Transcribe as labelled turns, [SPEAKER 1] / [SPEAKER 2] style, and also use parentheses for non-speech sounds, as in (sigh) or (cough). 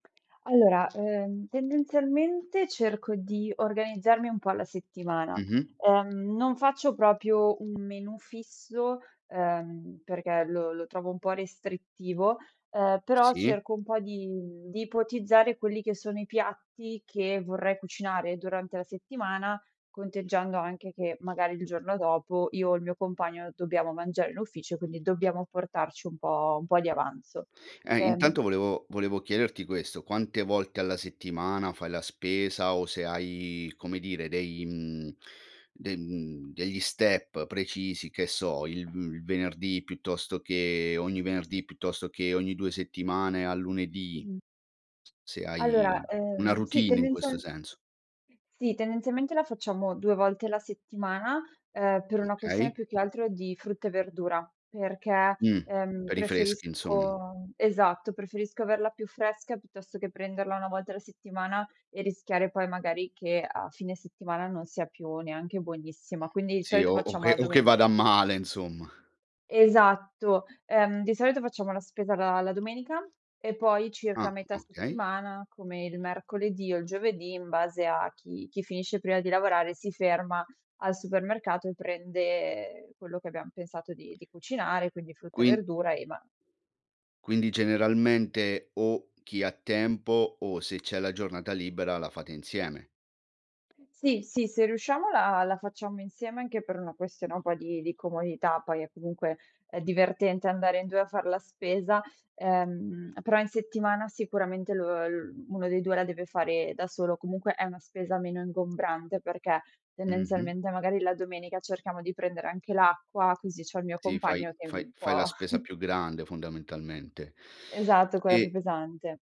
[SPEAKER 1] Allora, ehm, tendenzialmente, cerco di organizzarmi un po' alla settimana.
[SPEAKER 2] Mh-mh.
[SPEAKER 1] Ehm, non faccio proprio un menù fisso, ehm, perché lo lo trovo un po' restrittivo, ehm, però
[SPEAKER 2] Sì.
[SPEAKER 1] cerco un po' di di ipotizzare quelli che sono i piatti che vorrei cucinare durante la settimana, conteggiando anche che, magari, il giorno dopo io o il mio compagno dobbiamo mangiare in ufficio, quindi dobbiamo portarci un po' un po' di avanzo.
[SPEAKER 2] Ehm,
[SPEAKER 1] Ehm
[SPEAKER 2] intanto, volevo volevo chiederti questo, quante volte alla settimana fai la spesa o se hai, come dire, dei mhmm, de mhmm, degli step precisi, che so, il uhm, il venerdì piuttosto che ogni venerdì piuttosto che ogni 2 settimane al lunedì.
[SPEAKER 1] Mh.
[SPEAKER 2] S se
[SPEAKER 1] Allora,
[SPEAKER 2] hai una
[SPEAKER 1] ehm, sì,
[SPEAKER 2] routine in questo
[SPEAKER 1] tendenzial
[SPEAKER 2] senso.
[SPEAKER 1] (unintelligible) sì, tendenzialmente la facciamo 2 volte la settimana, ehm, per una questione
[SPEAKER 2] Okay.
[SPEAKER 1] più che altro di frutta e verdura, perché,
[SPEAKER 2] Mh,
[SPEAKER 1] ehm,
[SPEAKER 2] per i freschi,
[SPEAKER 1] preferisco
[SPEAKER 2] insomm
[SPEAKER 1] esatto, preferisco averla più fresca piuttosto che prenderla 1 volta alla settimana e rischiare poi, magari, che a fine settimana non sia più neanche buonissima, quindi i
[SPEAKER 2] Sì,
[SPEAKER 1] solito
[SPEAKER 2] o o
[SPEAKER 1] facciamo
[SPEAKER 2] che
[SPEAKER 1] la
[SPEAKER 2] o che
[SPEAKER 1] domen
[SPEAKER 2] vada a male, insomma.
[SPEAKER 1] Esatto. Ehm, di solito facciamo la spesa la la domenica e poi
[SPEAKER 2] Ah,
[SPEAKER 1] circa metà
[SPEAKER 2] okay.
[SPEAKER 1] settimana, come il mercoledì o il giovedì, in base a chi chi finisce prima di lavorare si ferma al supermercato e prende, ehm, quello che abbiam pensato di di cucinare, quindi frutta e
[SPEAKER 2] Qui
[SPEAKER 1] verdura e ma
[SPEAKER 2] Quindi, generalmente, o chi ha tempo o se c'è la giornata libera, la fate insieme?
[SPEAKER 1] Sì, sì, se riusciamo la la facciamo insieme, anche per una questione un po' di di comodità, poi è comunque, ehm, divertente andare in 2 a far la spesa, ehm, però in settimana sicuramente lo uhm, uno dei 2 la deve fare da solo. Comunque è una spesa meno ingombrante, perché,
[SPEAKER 2] Mh-mh.
[SPEAKER 1] tendenzialmente, magari la domenica cerchiamo di prendere anche l'acqua, così c'ho il mio
[SPEAKER 2] Sì, fai
[SPEAKER 1] compagno che è
[SPEAKER 2] fai
[SPEAKER 1] un
[SPEAKER 2] fai la
[SPEAKER 1] po'
[SPEAKER 2] spesa
[SPEAKER 1] (chuckles)
[SPEAKER 2] più grande, fondamentalmente.
[SPEAKER 1] Esatto, quella più
[SPEAKER 2] E
[SPEAKER 1] pesante.